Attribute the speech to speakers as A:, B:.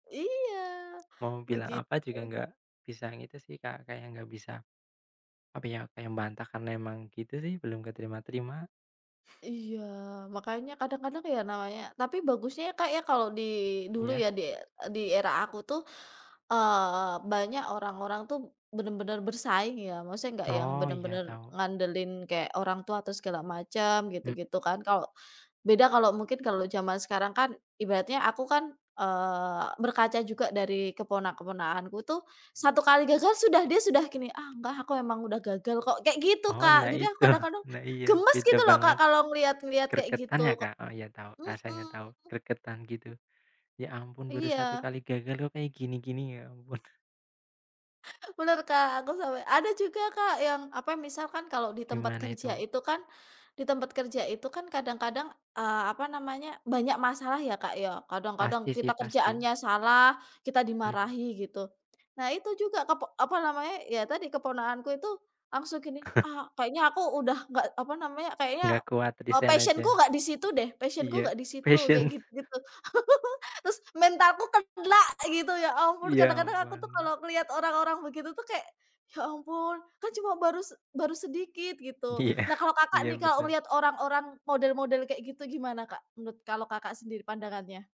A: Iya,
B: Mau bilang
A: begitu.
B: apa juga nggak bisa gitu sih, Kak, kayak nggak bisa, apa ya, kayak bantah karena emang gitu sih. Belum keterima-terima.
A: Iya. Makanya kadang-kadang ya, namanya tapi bagusnya, ya, Kak, ya, kalo di dulu
B: Iya.
A: ya, di di era aku tuh, eee, banyak orang-orang tuh bener-bener bersaing ya, maksudnya nggak yang
B: Oh iya,
A: bener-bener
B: tahu.
A: ngandelin kayak orang tua atau segala macem
B: Mmm.
A: gitu-gitu kan. Kalau beda kalau mungkin kalau jaman sekarang kan ibaratnya aku kan, eee, berkaca juga dari keponak keponakanku tuh, satu kali gagal sudah dia sudah gini, "Ah, enggak ah, aku emang udah gagal kok," kayak gitu,
B: Oh,
A: Kak.
B: nah
A: Jadi aku
B: itu.
A: kadang-kadang
B: Nah, iya.
A: gemes
B: Beda
A: gitu loh, Kak,
B: banget.
A: kalau ngelihat-ngelihat kayak
B: Gregetan ya,
A: gitu, kok
B: Kak? Oh ya tahu, rasanya
A: mhm.
B: tahu, gregetan gitu. Ya ampun baru 1
A: Iya.
B: kali gagal kok kayak gini-gini, ya ampun.
A: Bener Kak, aku sampai ada juga Kak yang apa, misalkan kalau di tempat
B: Gimana itu,
A: kerja
B: Mbak?
A: itu kan di tempat kerja itu kan kadang-kadang, eee, apa namanya, banyak masalah ya, Kak, ya. Kadang-kadang
B: Pasti sih,
A: kita
B: pasti.
A: kerjaannya salah, kita
B: Hmm.
A: dimarahi gitu. Nah, itu juga kepok apa namanya, ya tadi keponakanku itu langsung gini, "Ah, kayaknya aku udah nggak apa namanya, kayaknya,
B: Nggak kuat,
A: eee,
B: resign aja.
A: passion-ku nggak di situ deh, passion-ku
B: Iya.
A: nggak di situ,"
B: Passion.
A: kayak gitu gitu. Terus, "mentalku kena," gitu, ya ampun!
B: Ya
A: Kadang-kadang aku tuh
B: ampun.
A: kalau ngeliat orang-orang begitu tuh kayak, "Ya ampun, kan cuma baru se baru sedikit," gitu.
B: Iya.
A: Nah, kalau Kakak
B: Iya,
A: nih, kalau
B: betul.
A: ngelihat orang-orang model-model kayak gitu gimana Kak, menurut kalau Kakak sendiri pandangannya?